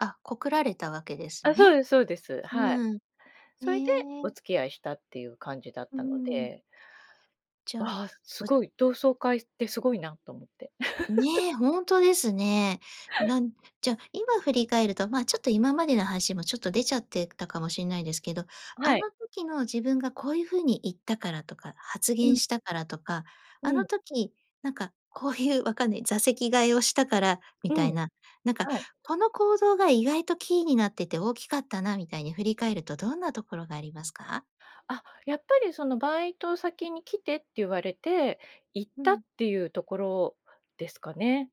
あ、告られたわけですあ、そうね。ですそうです。はい、うん。それでへおえ。付き合いしたって言う感じだっうたのん。で。じゃあ、ああ、ほ凄い、同窓会って凄いなと思って。ね、ほんとですね。なんじゃあ、今振り返ると、まあ、ちょっと今までの話も、ちょっと出ちゃってたかもしんないですけど、あはい。の時の自分が、こういう風に言ったからとか、発う言ん。したからとか、あうのん。時なんか、こういう、分かんない、座席替えをしたから、みうたいん。な。なんか、はい。この行動が、意外とキーになってて、大きかったな、みたいに振り返ると、どんなところがありますか？あ、やっぱり、その「バイト先に来て」って、言われて行っうたん。っていうところですかね。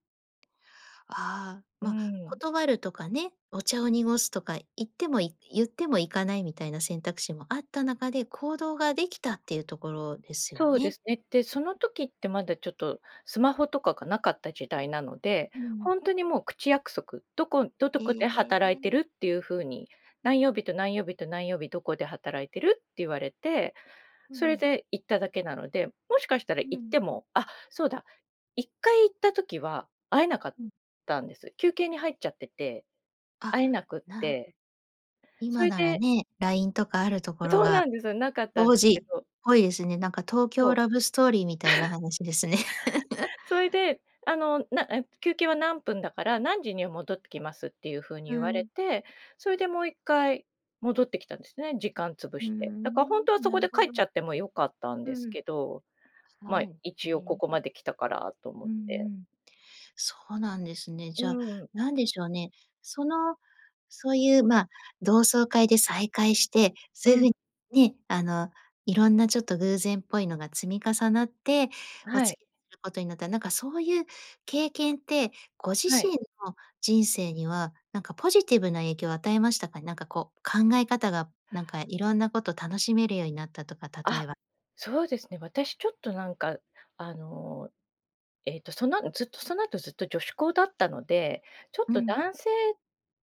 ああ、うーまあ、ん。断るとかね、お茶を濁すとか、言ってもい言っても行かないみたいな選択肢もあった中で、行動が出来たっていうところですよそうでね。すね。で、その時って、まだちょっとスマホとかがなかった時代なので、うん。ほんとにもう口約束、何処んど何へ処で働いてえ。るっていう風に、何曜日と、何曜日と、何曜日、何処で働いてるって言われて、うそれん。で行っただけなので。もしかしたらう行っん。てもあ、そうだ、1回行った時は会えなかっうん。たんです。休憩に入っちゃってて、あ、会えなくっなて、そ今いならでね、LINE とかあるところそうが、なんですよ。なかったんで当すけ時っど。ぽいですね。なんか東そ京う。ラブストーリーみたいな 話ですね。そいで、あの、な、あっと、休憩は何分だから、「何時には戻ってきます」っていう風にう言われん。て、それで、もう1回戻ってきたんですね、時間潰うーして。だか、ほん、んとは、そなこるでほ帰っちゃど。っても良かったんうですん。けど、まあ、はい、一へ応こえ。こまで来たからと思うんっうて。ん。そうなんですね。うじゃあ、ーん。何でしょうね。その、そういう、ま、同窓会で再会して、うそういうん。風にね、あの色んな、ちょっと偶然っぽいのが積み重なって、おはい。付き合いする事になった、なんか、そういう経験って、ご自はい。身の人生には、なんかポジティブな影響を与えましたかね？なんかこう、考え方がなんか色んな事を楽しめるようになったとか、例えあ、ば。そうですね。私ちょっとなんか、あの、えーと、その、ん、ずっと、その後、ずっと女子校だったので、ちょっうとん。男性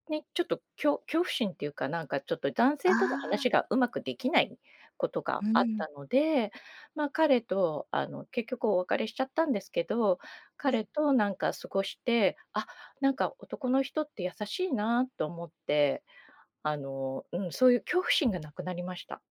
に、ちょっと、きょ恐怖心っていうか、なんか、ちょっと男あ性とのあ。話がうまく出来ない事がうあっん。たので、まあ、彼とあの、結局お別れしちゃったんですけど、は彼い。となんか過ごして、あ、なんか男の人って優しいなと思って、あの、うん。そういう恐怖心がなくなりました。